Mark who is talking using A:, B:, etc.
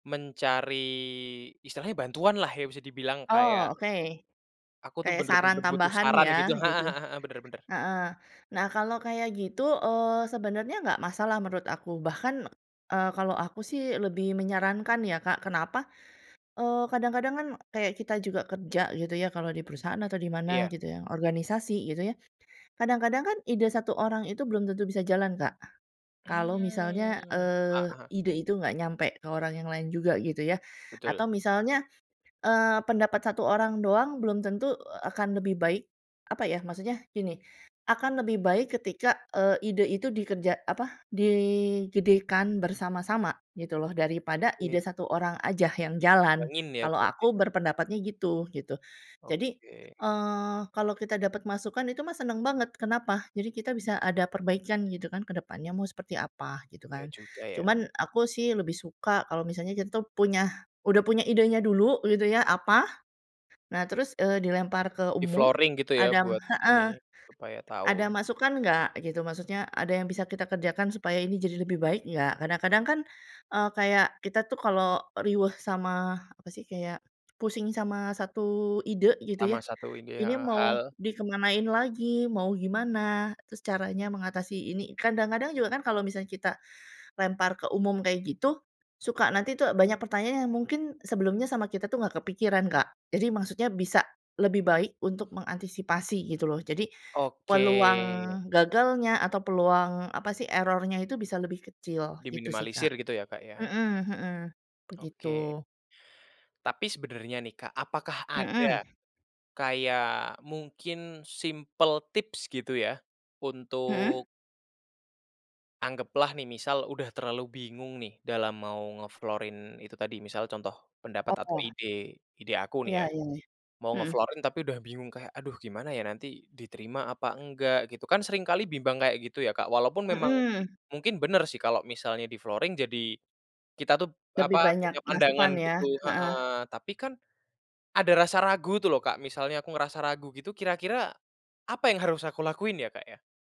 A: Mencari, istilahnya bantuanlah ya bisa dibilang kayak
B: Oh, oke.
A: Aku tuh
B: Kayak saran
A: benar-benar butuh
B: tambahan
A: saran gitu.
B: ya,
A: Heeh
B: gitu.
A: heeh heeh, benar benar.
B: Heeh. Nah kalau kayak gitu, eee, sebenarnya nggak masalah, menurut aku. Bahkan, eee, kalau aku sih, lebih menyarankan ya Kak, kenapa, eee, kadang-kadang kan, kayak kita juga kerja, gitu ya, kalau di perusahaan atau di mana,
A: Iya.
B: gitu ya, organisasi gitu ya, kadang-kadang kan, ide satu orang itu belum tentu bisa jalan Kak. Kalau misalnya,
A: Mmm,
B: eee,
A: heeh.
B: ide itu nggak nyampe, ke orang yang lain juga, gitu ya,
A: Betul.
B: atau misalnya, eee, pendapat satu orang doang, belum tentu akan lebih baik, apa ya, maksudnya gini, akan lebih baik ketika, eee, ide itu dikerja apa, digedekan bersama-sama, gitu loh, daripada
A: Oke.
B: ide satu orang aja yang jalan.
A: Dituangin ya
B: Kalau
A: berarti
B: aku
A: ya?
B: berpendapatnya gitu, gitu. Jadi,
A: Oke.
B: eee, kalau kita dapat masukan, itu mah seneng banget, kenapa, jadi kita bisa ada perbaikan, gitu kan, ke depannya mau seperti apa, gitu
A: Iya
B: kan.
A: juga ya.
B: Cuman, aku sih lebih suka kalau misalnya kita tuh, punya udah punya idenya dulu, gitu ya, apa, nah terus, eee, dilempar ke umum.
A: Di-flooring gitu ya?
B: Ada
A: Buat
B: heeh,
A: ini, supaya
B: "Ada
A: tahu.
B: masukan nggak?" gitu. Maksudnya ada yang bisa kita kerjakan, supaya ini jadi lebih baik nggak, kadang-kadang kan, eee, kayak, kita tuh kalau riweuh sama, apa sih, kayak, pusing sama satu ide, gitu
A: Sama
B: ya,
A: satu ide.
B: ini
A: Heeh
B: mau
A: hal
B: dikemanain lagi, mau gimana, terus caranya mengatasi ini. Kadang-kadang juga kan kalau misalnya kita, lempar ke umum kayak gitu, suka nanti tuh banyak pertanyaan yang mungkin, sebelumnya sama kita tuh nggak kepikiran Kak. Jadi maksudnya, bisa lebih baik untuk mengantisipasi, gitu loh. Jadi,
A: Oke.
B: peluang gagalnya atau peluang, apa sih, error-nya itu bisa lebih kecil, gitu sih Kak.
A: Diminimalisir gitu ya Kak ya?
B: Heeh heeh.
A: Oke.
B: Begitu.
A: Tapi sebenarnya nih Kak, apakah
B: Heeh.
A: ada, kayak mungkin simpel tips gitu ya?
B: Heeh?
A: Untuk Anggaplah nih misal udah terlalu bingung nih, dalam mau nge-flooring itu tadi. Misalnya contoh pendapat, atau
B: Oh.
A: ide ide aku nih
B: Iya
A: ya,
B: iya.
A: mau
B: Heeh.
A: nge-flooring, tapi udah bingung kayak, aduh gimana ya, nanti diterima apa enggak, gitu. Kan seringkali bimbang kayak gitu ya Kak, walaupun memang,
B: Heeh.
A: mungkin benar sih, kalau misalnya di-flooring jadi, kita tuh,
B: Lebih
A: apa,
B: banyak
A: punya pandangan
B: masukan ya,
A: gitu.
B: heeh.
A: Heeh. Tapi kan, ada rasa ragu tuh loh Kak, misalnya aku ngerasa ragu gitu, kira-kira apa yang harus aku lakuin ya Kak ya?